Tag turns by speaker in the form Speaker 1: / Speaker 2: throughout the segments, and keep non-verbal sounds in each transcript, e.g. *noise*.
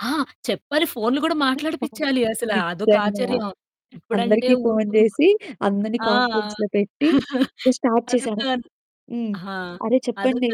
Speaker 1: ఆ! చెప్పాలి. ఫోన్లు గూడా మాట్లాడిపిచ్చాలి
Speaker 2: *unintelligible*
Speaker 1: అసల అదొక
Speaker 2: నిజ్జంగా.
Speaker 1: ఆచర్యం. ఇప్పుడంటే
Speaker 2: అందరికి ఫోను
Speaker 1: ఉరుకుం
Speaker 2: జేసి, అందరిని
Speaker 1: ఆ!
Speaker 2: కాన్ఫరెన్స్‌లో పెట్టి,
Speaker 1: *chuckles*
Speaker 2: స్టార్ట్
Speaker 1: అదొక
Speaker 2: చేశాను. హ్మ్.
Speaker 1: ఆ!
Speaker 2: అరె!
Speaker 1: అదొక
Speaker 2: చెప్పండే.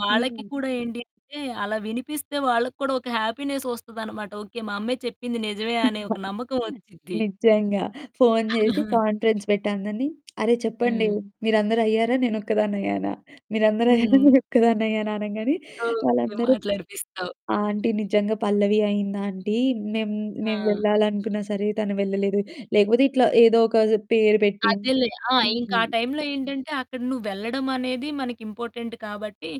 Speaker 1: వాళ్ళకి
Speaker 2: హ్మ్.
Speaker 1: కూడా ఏంటి అంటే, అలా వినిపిస్తే వాళ్ళక్కూడా ఒక హ్యాపీనెస్ ఒస్తదన్నమాట. ఓకే, మా అమ్మాయి చెప్పింది నిజమే అనే ఒక నమ్మకం
Speaker 2: *chuckles*
Speaker 1: ఒచ్చి‌ద్ది.
Speaker 2: నిజ్జంగా. ఫోను జేసి
Speaker 1: *chuckles*
Speaker 2: కాన్ఫరెన్స్ పెట్టి అందరిని, అరె! చెప్పండే,
Speaker 1: హ్మ్.
Speaker 2: మీరందరయ్యారా? నేనొక్కదాన్నయ్యానా? మీరందరయ్యారా?
Speaker 1: హ్మ్.
Speaker 2: నేనొక్కదాన్నయ్యానా? అనంగానే
Speaker 1: ఓకే.
Speaker 2: వాళ్ళందరూ
Speaker 1: మాట్లాడిపిస్తావ్.
Speaker 2: "ఆంటీ నిజంగా పల్లవి అయ్యిందాంటీ, మేము, మేము
Speaker 1: ఆ!
Speaker 2: వెళ్ళాలనుకున్నా సరే తను వెళ్ళలేదు." లేకపోతే ఇట్లా ఏదో ఒక పేరు పెట్టి
Speaker 1: అదేలే ఆ! ఇంకా
Speaker 2: హ్మ్.
Speaker 1: ఆ టైమ్‌లో ఏంటంటే, అక్కడ నువ్వెళ్ళడం అనేది మనకి ఇంపార్టెంట్ కాబట్టి,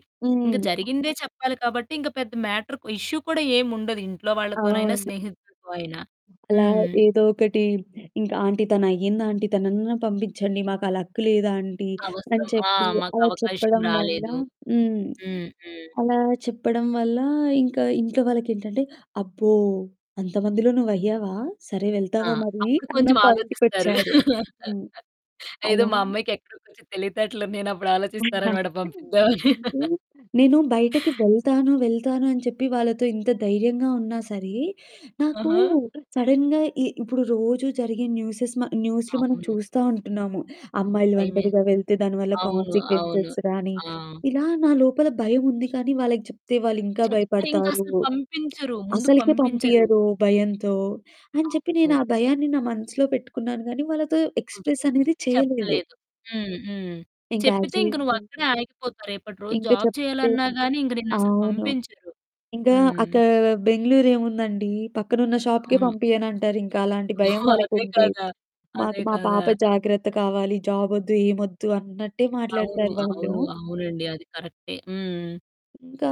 Speaker 1: ఇంక
Speaker 2: హ్మ్.
Speaker 1: జరిగిందే చెప్పాలి కాబట్టి, ఇంక పెద్ద మ్యాటర్ కు ఇష్యూ కూడా ఏముండదు. ఇంట్లో వాళ్ళతోనైనా,
Speaker 2: అవును.
Speaker 1: స్నేహితులతో అయినా.
Speaker 2: అలా
Speaker 1: హ్మ్.
Speaker 2: ఏదో ఒకటి ఇంకా "ఆంటీ తనయ్యిందాంటీ తననన్నా పంపిచ్చండి. మాకు ఆ లక్ లేదాంటీ." అని
Speaker 1: అవసరం. ఆ!
Speaker 2: చెప్పి
Speaker 1: మాకు
Speaker 2: అలా
Speaker 1: అవకాశం
Speaker 2: చెప్పడం వల్ల
Speaker 1: రాలేదు.
Speaker 2: హ్మ్.
Speaker 1: హ్మ్. హ్మ్.
Speaker 2: అలా చెప్పడం వల్ల, ఇంకా ఇంట్లో వాళ్ళకేంటంటే అబ్బో! అంతమందిలో నువ్వయ్యావా? సరే
Speaker 1: ఆ!
Speaker 2: వెళ్తావా మరీ?
Speaker 1: అప్పుడు
Speaker 2: అన్న
Speaker 1: కొంచెం ఆలోచిస్తారు.
Speaker 2: పాయింట్‌కొచ్చారు. హ్మ్.
Speaker 1: *laughs* ఏదో
Speaker 2: అలా
Speaker 1: మా అమ్మాయికి ఎక్కడో కొంచెం తెలివితేటలున్నాయని అప్పుడాలోచిస్తారన్నమాట పంపిద్దామని.
Speaker 2: *chuckles* అయితే
Speaker 1: *laughs*
Speaker 2: నేను బయటకి వెళ్తాను వెళ్తాను అని చెప్పి వాళ్ళతో ఇంత ధైర్యంగా ఉన్నా సరే, నాకు
Speaker 1: ఆహా!
Speaker 2: సడెన్‌గా ఇ ఇప్పుడు రోజూ జరిగె న్యూసెస్ మ న్యూస్లు మనం
Speaker 1: అవును.
Speaker 2: చూస్తా ఉంటున్నాము. అమ్మాయిలు
Speaker 1: బయమే.
Speaker 2: ఒంటరిగా వెళ్తే దాని వల్ల
Speaker 1: అవును. అవును.
Speaker 2: కాన్సీక్వెన్సెస్ గాని,
Speaker 1: ఆ!
Speaker 2: ఇలా నా లోపల భయముంది కానీ, వాళ్ళకి జేప్తే వాళ్ళింకా
Speaker 1: చెప్తె ఇంకా
Speaker 2: భయపడతారు.
Speaker 1: అసలు పంపించరు. ముందు
Speaker 2: అసలకే
Speaker 1: పంపించరు.
Speaker 2: పంపియ్యరు భయంతో, అని చెప్పి
Speaker 1: అవును.
Speaker 2: నేనా భయాన్ని నా మనసులో పెట్టుకున్నాను గానీ, వాళ్ళతో
Speaker 1: ఓకే.
Speaker 2: ఎక్స్‌ప్రెస్ అనేది చేయలేదు.
Speaker 1: చెప్పలేదు. హ్మ్. హ్మ్.
Speaker 2: ఇంకా యాజ్
Speaker 1: చెప్పితే ఇంక నువ్వు
Speaker 2: యూజువల్
Speaker 1: అక్కడే ఆగిపోతావు. రేపటి రోజు
Speaker 2: ఇంకా
Speaker 1: జాబ్
Speaker 2: చెప్తే
Speaker 1: చేయాలన్నా‌గాని, ఇంక నిన్నసలు
Speaker 2: అవును.
Speaker 1: పంపించరు.
Speaker 2: ఇంకా
Speaker 1: హ్మ్.
Speaker 2: అక్క బెంగుళూరేముందండి పక్కనున్న షాప్‌కే
Speaker 1: అవును.
Speaker 2: పంపియ్యనంటారింక అలాంటి భయం
Speaker 1: *chuckles* అదే
Speaker 2: వాళ్ళకుంటే,
Speaker 1: కదా!
Speaker 2: మాకు
Speaker 1: అదే
Speaker 2: మా
Speaker 1: కదా!
Speaker 2: పాప జాగ్రత్త కావాలి. జాబొద్దు, ఏమొద్దు, అన్నట్టే
Speaker 1: అవును.
Speaker 2: మాట్లాడతారు వాళ్ళు.
Speaker 1: అవును. అవునండి అది కరెక్టే. హ్మ్.
Speaker 2: ఇంకా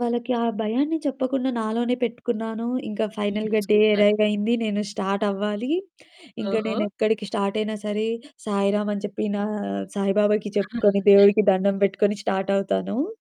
Speaker 2: వాళ్ళకి ఆ భయాన్ని చెప్పకుండా నాలోనే పెట్టుకున్నాను. ఇంకా
Speaker 1: హ్మ్.
Speaker 2: ఫైనల్‌గా డే
Speaker 1: సూపర్.
Speaker 2: అరైవయింది. నేను స్టార్ట్ అవ్వాలి. ఇంకా
Speaker 1: ఓహో!
Speaker 2: నేనెక్కడికి స్టార్టయినా సరే, సాయిరాం అని చెప్పి నా సాయిబాబాకి చెప్పుకొని,
Speaker 1: *chuckles*
Speaker 2: దేవుడికి దండం పెట్టుకొని స్టార్టవుతాను.